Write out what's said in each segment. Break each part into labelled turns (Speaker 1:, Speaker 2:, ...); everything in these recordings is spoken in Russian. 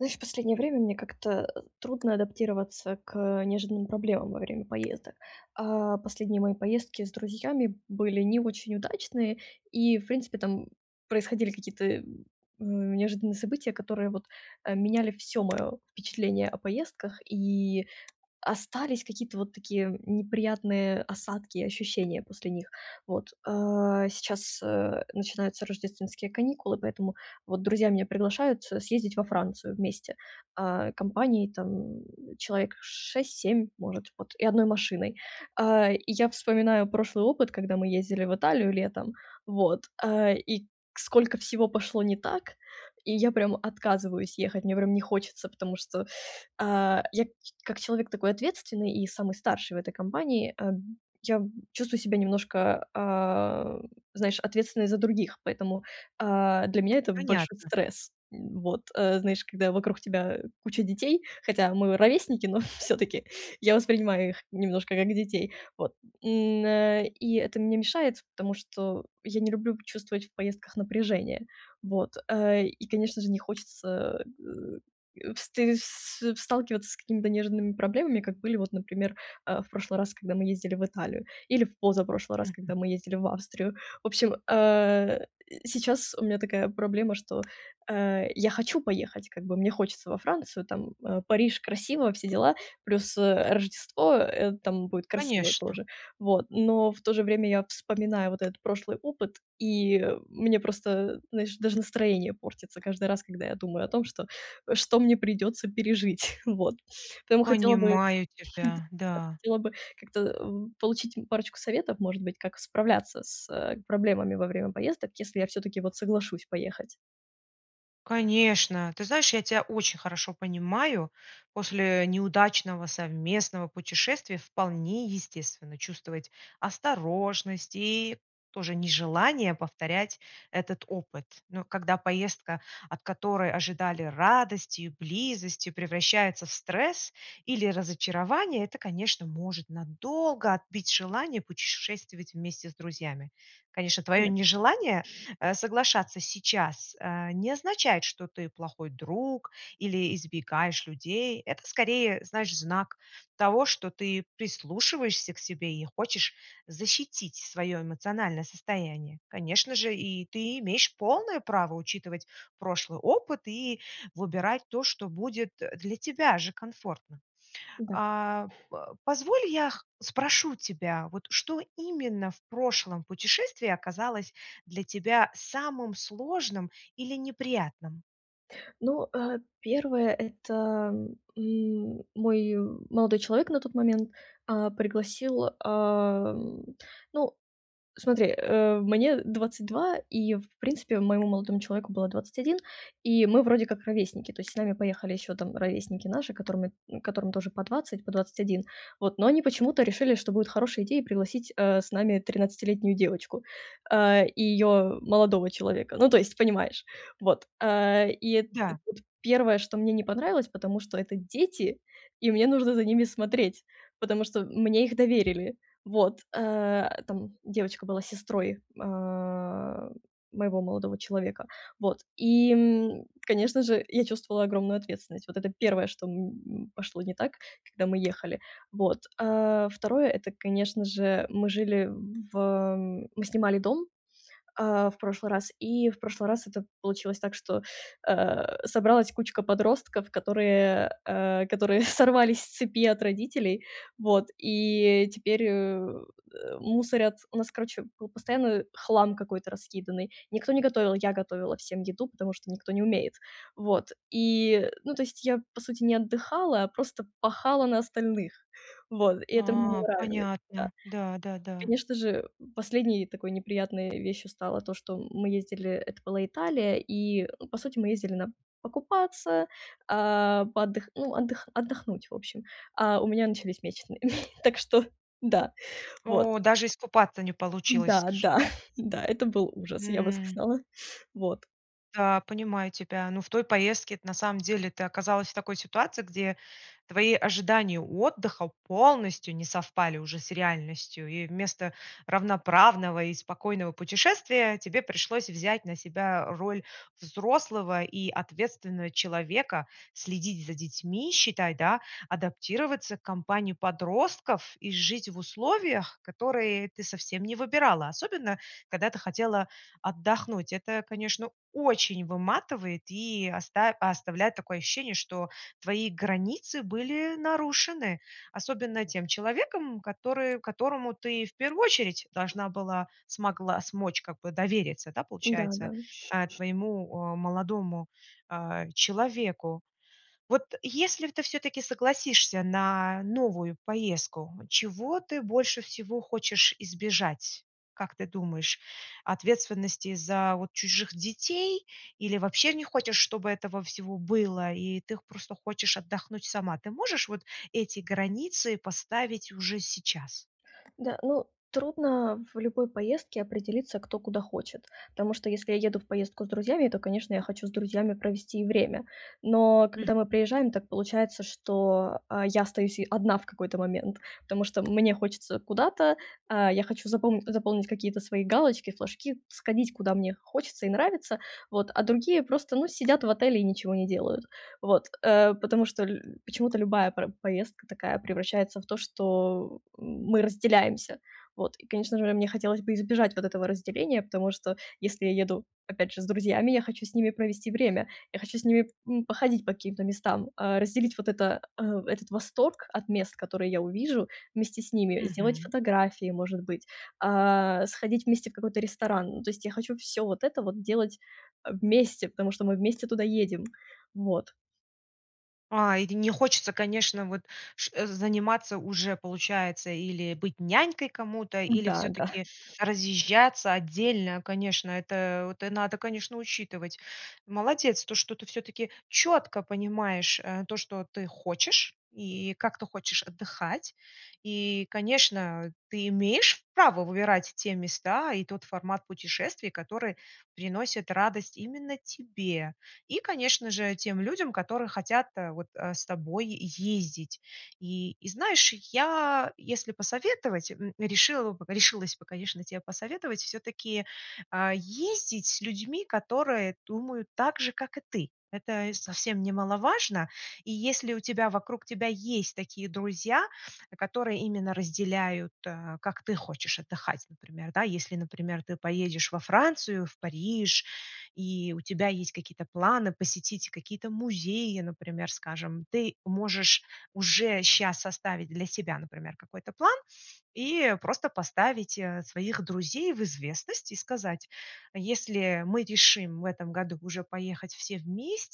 Speaker 1: Ну, и в последнее время мне как-то, э, трудно адаптироваться к неожиданным проблемам во время поездок. А последние мои поездки с друзьями были не очень удачные, и в принципе, там происходили какие-то, э, неожиданные события, которые вот меняли всё мое впечатление о поездках, и остались какие-то вот такие неприятные осадки и ощущения после них. Вот. А сейчас, э, начинаются рождественские каникулы, поэтому вот друзья меня приглашают съездить во Францию вместе, а компанией там человек 6-7 может вот, и 1 машиной. А и я вспоминаю прошлый опыт, когда мы ездили в Италию летом, вот, э, и сколько всего пошло не так. И я прям отказываюсь ехать, мне прям не хочется, потому что, а, я как ч как человек такой ответственный, и самый старший в этой компании, э, б я б чувствую себя немножко, а, знаешь, ответственной за других. Поэтому, а, для меня это большой
Speaker 2: Понятно.
Speaker 1: стресс. Вот знаешь, когда вокруг тебя куча детей, хотя мы ровесники, но всё-таки, я воспринимаю их немножко как детей. Вот, м, э, и это мне мешает, потому что я не люблю чувствовать в поездках напряжение. Вот. Э, и конечно, же не хочется, э, вст в сталкиваться с какими-то нежными проблемами, как были вот, например, э, в прошлый раз, когда мы ездили в Италию, или в позапрошлый раз,
Speaker 2: Мгм.
Speaker 1: когда мы ездили в Австрию. В общем, э, сейчас у меня такая проблема, что, э, я хочу поехать как бы, мне хочется во Францию, там, э, Париж, красиво, все дела, плюс, э, Рождество, э, там будет красиво
Speaker 2: Конечно.
Speaker 1: тоже. Вот. Но в то же время, я вспоминаю вот этот прошлый опыт, и мне просто, знаешь, даже настроение портится каждый раз, когда я думаю о том, что что мне придется пережить. Вот, поэтому хотела бы,
Speaker 2: Понимаю
Speaker 1: да,
Speaker 2: тебя.
Speaker 1: я
Speaker 2: Да.
Speaker 1: хотела бы как-то б получить парочку советов, может быть, как справляться с, э, проблемами во время поездок, если я всё-таки вот соглашусь поехать.
Speaker 2: Конечно, ты знаешь, я тя очень хорошо понимаю, после, э, неудачного совместного путешествия вполне естественно чувствовать осторожность, и тоже нежелание повторять этот опыт. Но когда поездка, от которой ожидали радости и близости, превращается в стресс, или разочарование, это, конечно, может надолго отбить желание путешествовать вместе с друзьями. Конечно, твое
Speaker 1: Да.
Speaker 2: нежелание, э, соглашаться сейчас, э, не означает, что ты плохой друг или избегаешь людей. Это, скорее, знаешь, знак того, что ты прислушиваешься к себе, и хочешь защитить свое эмоциональное состояние. Конечно же, и ты имеешь полное право учитывать прошлый опыт, и выбирать то, что будет, э, для тебя же комфортно.
Speaker 1: Да.
Speaker 2: А по позволь, я х спрошу тебя, вот что именно в прошлом путешествии оказалось для тебя самым сложным, или неприятным?
Speaker 1: Ну, э, 1 это, м, мой молодой человек, на тот момент, а, пригласил а, ну, смотри, э, мне 22, и в принципе моему молодому человеку было 21, и мы вроде как ровесники. То есть с нами поехали еще там ровесники наши, которыми н которым тоже по 20, по 21. Вот но они почему-то решили, что будет хорошая идея пригласить, э, с нами тринадцатилетнюю девочку, а, и ее молодого человека. Ну, то есть, понимаешь. Вот, а, и эт т
Speaker 2: Да.
Speaker 1: 1, что мне не понравилось, потому что это дети, и мне нужно за ними смотреть, потому что мне их доверили. Вот. А, там девочка была сестрой, а, моего молодого человека. Вот, и, м, конечно же я чувствовала огромную ответственность. Вот это 1, что, м, м, пошло не так, когда мы ехали. Вот, а, 2- это конечно же мы жили в мы снимали дом, а, в прошлый раз, и в прошлый раз это получилось так, что, а, собралась кучка подростков, которые, э, которые сорвались с цепи от родителей, вот, и теперь, э, мусорят. У нас короче был постоянно хлам какой-то раскиданный. Никто не готовил, я готовила всем еду, потому что никто не умеет. Вот. И, ну, то есть я, по сути, не отдыхала, а просто пахала на остальных. Вот. И это мне не
Speaker 2: А,
Speaker 1: нравилось. Да.
Speaker 2: понятно. Да, да, да.
Speaker 1: Конечно же последней такой неприятной вещью стало то, что мы ездили, это была Италия, и по сути, мы ездили на покупаться, а, поотд ну отдых отдохнуть в общем, а у меня начались месячные. Так что да вот.
Speaker 2: О, даже искупаться не получилось,
Speaker 1: Да,
Speaker 2: скажи,
Speaker 1: да,
Speaker 2: да.
Speaker 1: да, это был ужас, я бы
Speaker 2: М.
Speaker 1: сказала. Вот.
Speaker 2: Да, понимаю тебя, ну в той поездке- это на самом деле ты оказалась в такой ситуации, где твои ожидания отдыха полностью не совпали уже с реальностью, и вместо равноправного и спокойного путешествия, тебе пришлось взять на себя роль взрослого и ответственного человека, следить за детьми, считай да, адаптироваться к компании подростков, и жить в условиях, которые ты совсем не выбирала, особенно когда ты хотела отдохнуть. Это, конечно, очень выматывает и оста оставляет такое ощущение, что твои границы были нарушены, особенно тем человеком, который которому ты в первую очередь должна была смогла смочь, как бы, довериться, да,
Speaker 1: Да,
Speaker 2: получается,
Speaker 1: да.
Speaker 2: а, твоему, а, молодому, а, человеку. Вот если в ты всё-таки согласишься на новую поездку, чего ты больше всего хочешь избежать? Как ты думаешь: ответственности за вот чужих детей, или вообще не хочешь, чтобы этого всего было и ты х просто хочешь отдохнуть сама? Ты можешь вот эти границы поставить уже сейчас?
Speaker 1: Да, ну трудно в любой поездке определиться, кто куда хочет, тому что если я еду в поездку с друзьями, то, конечно, я хочу с друзьями провести и время. Но
Speaker 2: Мгм.
Speaker 1: когда мы приезжаем, так получается, что, а, я остаюсь и одна в какой-то момент, потому что мне хочется куда-то, а, я хочу запомнить заполнить какие-то свои галочки, флажки, сходить, куда мне хочется, и нравится. Вот. А другие просто, ну, сидят в отеле и ничего не делают. Вот. Э, потому что лю почему-то любая про поездка такая превращается в то, что мы разделяемся. Вот и, конечно же, мне хотелось бы избежать вот этого разделения, потому что если я еду, опять же, с друзьями, я хочу с ними провести время, я хочу с ними, м, походить по каким-то местам, а, разделить вот это а этот восторг от мест, которые я увижу вместе с ними, сделать
Speaker 2: Мгм.
Speaker 1: фотографии, может быть, а, сходить вместе в какой-то ресторан. Ну то есть я хочу всё вот это вот делать, а, вместе, потому что мы вместе туда едем. Вот.
Speaker 2: А, или не хочется, конечно, вот ш заниматься уже получается или быть нянькой кому-то, или
Speaker 1: Да, да.
Speaker 2: все-таки разъезжаться отдельно. Конечно, это вот надо, конечно, учитывать. Молодец, то что ты все-таки четко понимаешь, э, то, что ты хочешь, и как ты хочешь отдыхать. И, конечно, ты имеешь право выбирать те места, и тот формат путешествий, который приносит радость именно тебе. И, конечно же, тем людям, которые хотят, э, вот, э, с тобой ездить. И и знаешь, я, если посоветовать, м, решила бы решилась бы, конечно, тебе посоветовать все-таки, а, ездить с людьми, которые думают так же, как и ты. Это совсем немаловажно. И если у тебя вокруг тебя есть такие друзья, которые именно разделяют, э, как ты хочешь отдыхать, например, да. Если например ты поедешь во Францию, в Париж, и у тебя есть какие-то планы посетить какие-то музеи, например, скажем, ты можешь уже щас составить для себя, например, какой-то план, и просто поставить, э, своих друзей в известность и сказать: "Если мы решим в этом году уже поехать все вместе,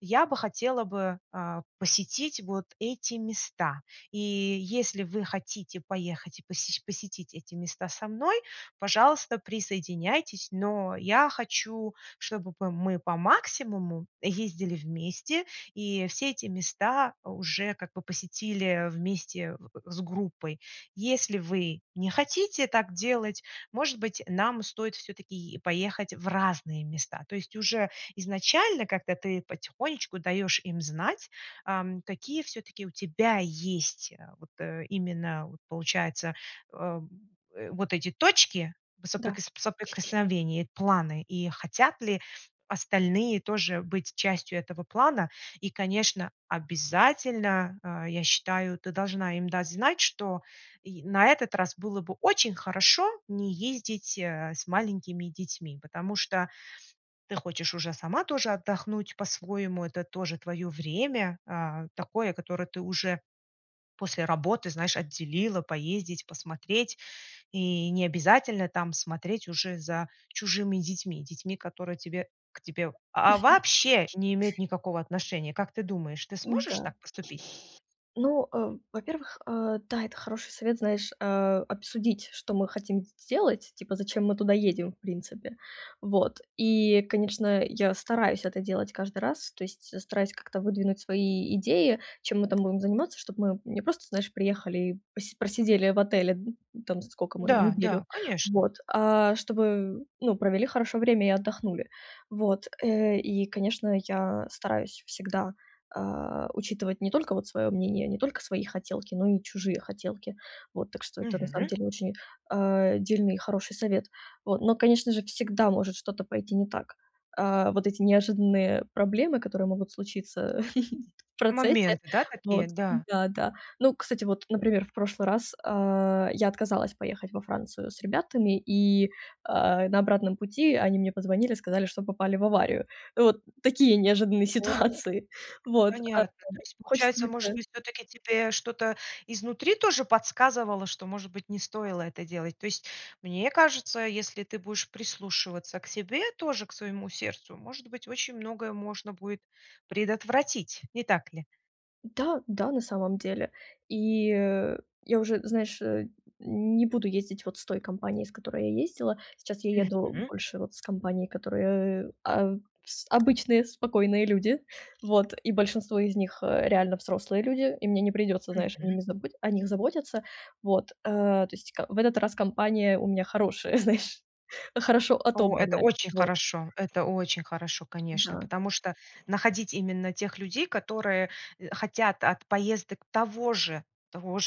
Speaker 2: я бы хотела бы, а, посетить вот эти места. И если вы хотите поехать и посеш посетить эти места со мной, пожалуйста, присоединяйтесь. Но я хочу, чтобы п мы по максимуму ездили вместе, и все эти места уже как бы посетили вместе в с группой. Если вы не хотите так делать, может быть, нам стоит все-таки е поехать в разные места." То есть уже изначально как-то ты потихонечку даешь им знать, ам, какие все-таки у тебя есть вот, э, именно, вот получается, э, в э, вот эти точки
Speaker 1: Да.
Speaker 2: соприкос соприкосновения, планы, и хотят ли остальные тоже быть частью этого плана. И конечно, обязательно, а, я считаю, ты должна им дать знать, что й на этот раз было бы очень хорошо не ездить, э, с маленькими детьми, потому что ты хочешь уже сама тоже отдохнуть по-своему, это тоже твое время, а, такое, которое ты уже после работы знаешь отделила, поездить, посмотреть. И не обязательно там смотреть уже за чужими детьми детьми, которые тебе к тебе, а, а, вообще не имеют никакого отношения. Как ты думаешь, ты сможешь
Speaker 1: Н-да.
Speaker 2: так поступить?
Speaker 1: Ну, э, во-первых, э, да, это хороший совет, знаешь, а, обсудить что мы хотим с сделать, типа зачем мы туда едем, в принципе. Вот и, конечно, я стараюсь это делать каждый раз, то есть стараюсь как-то выдвинуть свои идеи, чем мы там будем заниматься, чтоб мы не просто, знаешь, приехали и пос просидели в отеле, н там сколько мы
Speaker 2: Да,
Speaker 1: неделю.
Speaker 2: да, конечно.
Speaker 1: Вот. А, чтобы ну провели хорошо время, и отдохнули. Вот. Э, и конечно я стараюсь всегда, а, учитывать не только вот свое мнение, не только свои хотелки, но и чужие хотелки. Вот. Так что это на самом
Speaker 2: Мгм.
Speaker 1: деле очень, а, дельный и хороший совет. Вот. Но конечно же всегда может что-то пойти не так. А, вот эти неожиданные проблемы, которые могут случиться,, в процессе,
Speaker 2: Моменты, да, такие?
Speaker 1: вот
Speaker 2: Да.
Speaker 1: да-да. Ну кстати, вот, например, в прошлый раз, а, я отказалась поехать во Францию с ребятами и, а, на обратном пути они мне позвонили, сказали, что попали в аварию. Вот такие неожиданные
Speaker 2: О.
Speaker 1: ситуации. Вот, а,
Speaker 2: Понятно. То есть
Speaker 1: хочется
Speaker 2: получается, может
Speaker 1: это
Speaker 2: быть, все-таки тебе что-то изнутри тоже подсказывало, что, может быть, не стоило это делать? То есть мне кажется, если ты будешь прислушиваться к себе тоже, к своему сердцу, может быть, очень многое можно будет предотвратить, не так ли?
Speaker 1: Да да, на самом деле. И я уже, знаешь, э, не буду ездить вот с той компанией, с которой я ездила. Сейчас я еду
Speaker 2: Мгм.
Speaker 1: больше вот с компанией, которая, э, а с обычные спокойные люди, вот, и большинство из них, э, реально взрослые люди, и мне не придется, знаешь,
Speaker 2: Мгм.
Speaker 1: ими забы о них заботиться, вот, э. То есть, ка в этот раз компания у меня хорошая, знаешь, хорошо
Speaker 2: О, это
Speaker 1: отобранная,
Speaker 2: очень
Speaker 1: вот.
Speaker 2: хорошо, это очень хорошо, конечно,
Speaker 1: Да.
Speaker 2: потому что находить именно тех людей, которые, э, хотят от поездок того же того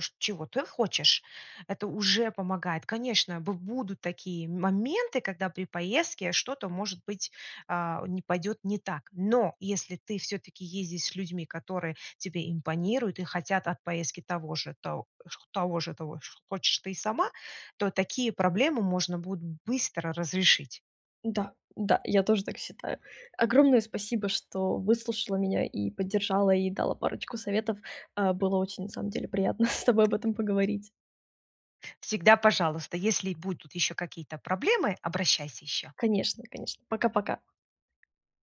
Speaker 2: ж чего ты хочешь, это уже помогает. Конечно, б будут такие моменты, когда при поездке что-то может быть, а, не пойдет не так. Но если ты всё-таки ездишь с людьми, которые тебе импонируют и хотят от поездки того же, то того же тож хочешь ты сама, то такие проблемы можно будет быстро разрешить.
Speaker 1: Да, да, я тоже так считаю. Огромное спасибо, что выслушала меня и поддержала, и дала парочку советов. Э, было очень на самом деле приятно с тобой об этом поговорить.
Speaker 2: Всегда пожалуйста, если будут еще какие-то проблемы, обращайся еще.
Speaker 1: Конечно конечно. Пока-пока.